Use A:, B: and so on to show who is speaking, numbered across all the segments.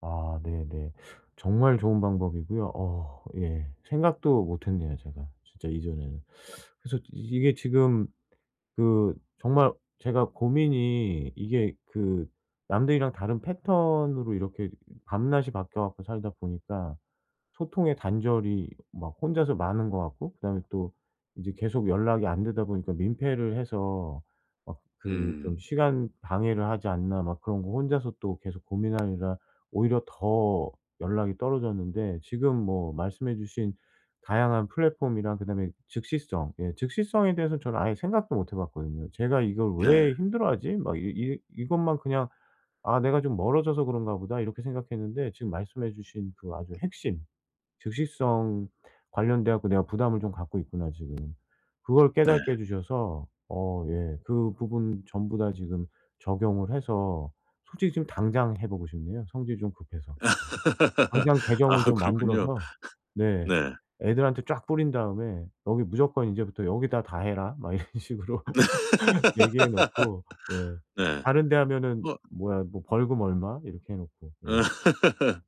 A: 아 네네. 정말 좋은 방법이고요. 어 예. 생각도 못했네요 제가 진짜 이전에는. 그래서 이게 지금 그 정말 제가 고민이 이게 그 남들이랑 다른 패턴으로 이렇게 이 밤낮이 바뀌어 갖고 살다 보니까 소통의 단절이 막 혼자서 많은 것 같고 그다음에 또 이제 계속 연락이 안 되다 보니까 민폐를 해서 막 그 좀
B: 음.
A: '시간 방해를 하지 않나?' 막 그런 거 혼자서 또 계속 고민하느라 오히려 더 연락이 떨어졌는데 지금 뭐 말씀해 주신 다양한 플랫폼이랑 그다음에 즉시성 예 즉시성에 대해서는 저는 아예 생각도 못 해 봤거든요. '쟤가 이걸
B: 네.
A: 왜 힘들어하지? 막 이 이 이것만 그냥 '아 내가 좀 멀어져서 그런가 보다.' 이렇게 생각했는데 지금 말씀해 주신 그 아주 핵심 '즉시성 관련돼 갖고 내가 부담을 좀 갖고 있구나 지금.' 그거를
B: 네.
A: 깨닫게 해 주셔서 어 예 그 부분 전부 다 지금 적용을 해서 솔직히 지금 당장 해 보고 싶네요 성질이 좀 급해서. 네. 당장 계정을
B: 아.
A: 좀
B: 그렇군요.
A: 만들어서 네
B: 네.
A: 애들한테 쫙 뿌린 다음에 "여기 무조건 이제부터 여기다 다 해라." 막 이런 식으로 얘기해 놓고 네
B: 네.
A: 다른 데 하면은
B: 뭐.
A: 뭐야 뭐 "벌금 얼마." 이렇게 해 놓고. 예.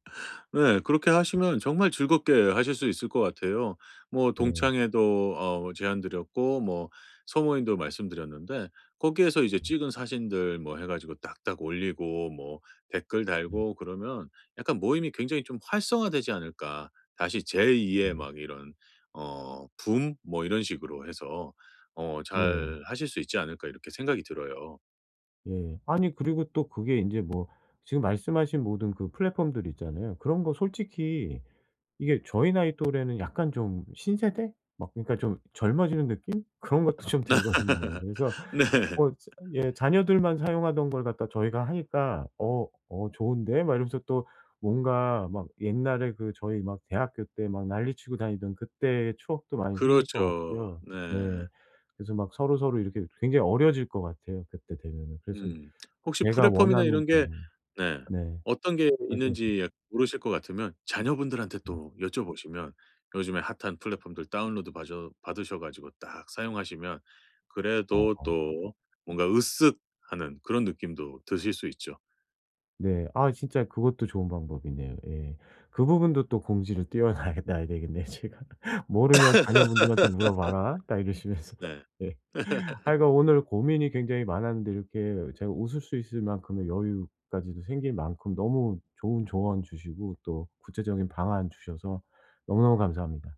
B: 네. 그렇게 하시면 정말 즐겁게 하실 수 있을 것 같아요. 뭐
A: 네.
B: 동창회도 어 뭐 제안드렸고 뭐 소모임도 말씀드렸는데 '거기에서 이제
A: 예.
B: 찍은 사진들 뭐 해 가지고 딱딱 올리고 뭐 댓글
A: 네.
B: 달고 그러면 약간 모임이 굉장히 좀 활성화되지 않을까? 다시 제 2 의
A: 그럼요.
B: 막 이런 어 붐 뭐 이런 식으로 해서 어
A: 네.
B: 잘하실 수 있지 않을까?' 이렇게 생각이 들어요.
A: 예. 아니 그리고 또 그게 인제 뭐 지금 말씀하신 모든 그 플랫폼들 있잖아요. 그런 거 솔직히 이게 저희 나이 또래는 약간 좀 신세대? 막 그러니까 좀 젊어지는 느낌? 그런 것도 좀 들거든요. 그래서
B: 네.
A: 뭐 저 예 자녀들만 사용하던 걸 갖다 저희가 하니까 "어. 어 좋은데?" 막 이러면서 또 뭔가 막 옛날에 그 저희 막 대학교 때 막 난리치고 다니던 그때의 추억도 많이 생길 것
B: 그렇죠.
A: 같고요.
B: 네.
A: 네. 그래서 막 서로서로 이렇게 또 굉장히 어려질 것 같아요 그때 되면은. 그래서
B: 음. 혹시
A: 제가
B: 플랫폼이나
A: 원하는
B: 이런
A: 그
B: 게 네
A: 네.
B: 어떤 게
A: 말씀하신
B: 있는지 약간 모르실 것 같으면 자녀분들한테
A: 음.
B: 또 여쭤보시면 요즘에 핫한 플랫폼들 다운로드 바셔 받으셔 가지고 딱 사용하시면 그래도
A: 어어.
B: 또 뭔가 으쓱하는 그런 느낌도 드실 수 있죠.
A: 네. 아이 진짜 그것도 좋은 방법이네요. 예. 그 부분도 또 공지를 띄어 놔야 놔야 되겠네요 제가 "모르면 자녀분들한테 물어봐라." 딱 이러시면서.
B: 네.
A: 예. 하여간 오늘 고민이 굉장히 많았는데 이렇게 제가 웃을 수 있을 만큼의 여유까지도 생길 만큼 너무 좋은 조언 주시고 또 구체적인 방안 주셔서 너무너무 감사합니다.